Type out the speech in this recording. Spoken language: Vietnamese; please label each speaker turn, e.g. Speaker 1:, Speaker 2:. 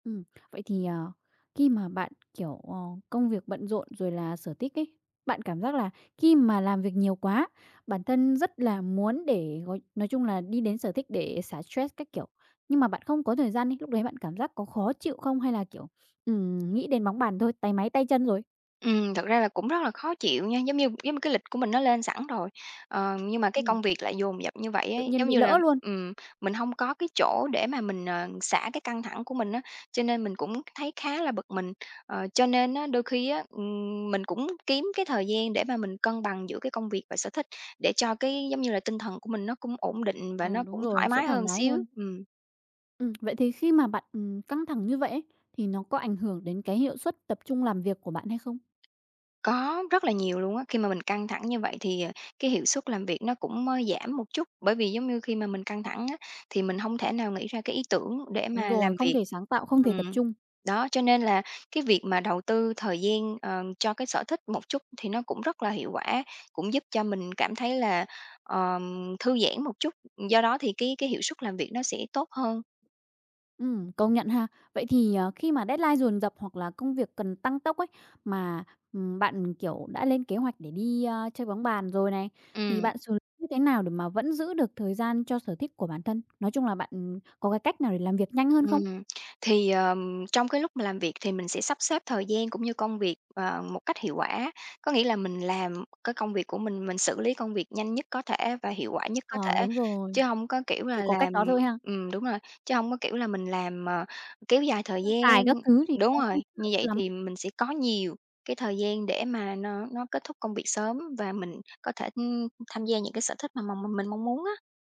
Speaker 1: Ừm, vậy thì, ờ, khi mà bạn, kiểu, ờ, công việc bận rộn rồi là sở thích ấy, bạn cảm giác là khi mà làm việc nhiều quá, bản thân rất là muốn để gói nói chung là đi đến sở thích để xả stress các kiểu. Nhưng mà bạn không có thời gian đi, lúc đấy bạn cảm giác có khó chịu không? Hay là, kiểu, ừm, nghĩ đến bóng bàn thôi, táy máy tay chân rồi?
Speaker 2: Ừm, thực ra là cũng rất là khó chịu nha. Giống như giống như cái lịch của mình nó lên sẵn rồi, ờ, nhưng mà cái
Speaker 1: Ừm.
Speaker 2: công việc lại dồn dập như vậy
Speaker 1: Tự
Speaker 2: ấy,
Speaker 1: nhiên
Speaker 2: giống
Speaker 1: bị
Speaker 2: như là
Speaker 1: lỡ luôn.
Speaker 2: ừm, mình hông có cái chỗ để mà mình, ờ, xả cái căng thẳng của mình á, cho nên mình cũng thấy khá là bực mình. Ờ, cho nên á, đôi khi á, ừm, mình cũng kiếm cái thời gian để mà mình cân bằng giữa cái công việc và sở thích, để cho, cái, giống như là, tinh thần của mình nó cũng ổn định và
Speaker 1: Ờ,
Speaker 2: nó
Speaker 1: đúng
Speaker 2: cũng
Speaker 1: rồi,
Speaker 2: thoải
Speaker 1: sẽ
Speaker 2: mái
Speaker 1: thoải
Speaker 2: hơn
Speaker 1: mái
Speaker 2: xíu.
Speaker 1: hơn.
Speaker 2: Ừm.
Speaker 1: Ừm, vậy thì khi mà bạn, ừm, căng thẳng như vậy ấy, thì nó có ảnh hưởng đến cái hiệu suất tập trung làm việc của bạn hay không?
Speaker 2: Có, rất là nhiều luôn á. Khi mà mình căng thẳng như vậy thì, ờ, cái hiệu suất làm việc nó cũng mới giảm một chút, bởi vì giống như khi mà mình căng thẳng á, thì mình hông thể nào nghĩ ra cái ý tưởng để
Speaker 1: Đúng
Speaker 2: mà
Speaker 1: rồi,
Speaker 2: làm
Speaker 1: không
Speaker 2: việc.
Speaker 1: thể sáng tạo, không thể tập
Speaker 2: Ừm.
Speaker 1: trung.
Speaker 2: Đó, cho nên là cái việc mà đầu tư thời gian, ờ, cho cái sở thích một chút thì nó cũng rất là hiệu quả, cũng giúp cho mình cảm thấy là, ờm, thư giãn một chút, do đó thì cái cái hiệu suất làm việc nó sẽ tốt hơn.
Speaker 1: Ừm, công nhận ha. Vậy thì, ờ, khi mà deadline dồn dập hoặc là công việc cần tăng tốc ấy, mà, ừm, bạn, kiểu, đã lên kế hoạch để đi, a, chơi bóng bàn rồi này, thì
Speaker 2: Ừm.
Speaker 1: bạn xử như thế nào để mà vẫn giữ được thời gian cho sở thích của bản thân. Nói chung là bạn, ừm, có cái cách nào để làm việc nhanh hơn không?
Speaker 2: Ừm, thì, ờ, trong cái lúc mà làm việc thì mình sẽ sắp xếp thời gian, cũng như công việc, ờ, một cách hiệu quả. Có nghĩa là mình làm cái công việc của mình, mình xử lý công việc nhanh nhất có thể và hiệu quả nhất có
Speaker 1: Ờ,
Speaker 2: thể,
Speaker 1: đúng rồi,
Speaker 2: chứ hông có kiểu
Speaker 1: chỉ
Speaker 2: là
Speaker 1: có cách
Speaker 2: làm
Speaker 1: đó thôi ha.
Speaker 2: ừm, đúng rồi, chứ hông có kiểu là mình làm mà kéo dài thời
Speaker 1: Sơ sài các
Speaker 2: gian
Speaker 1: thứ thì nó
Speaker 2: đúng rồi,
Speaker 1: không chất
Speaker 2: như
Speaker 1: lượng
Speaker 2: vậy
Speaker 1: lắm.
Speaker 2: thì mình sẽ có nhiều cái thời gian để mà nó nó kết thúc công việc sớm và mình có thể, ưm, tham gia những cái sở thích mà mà m mình mong muốn á.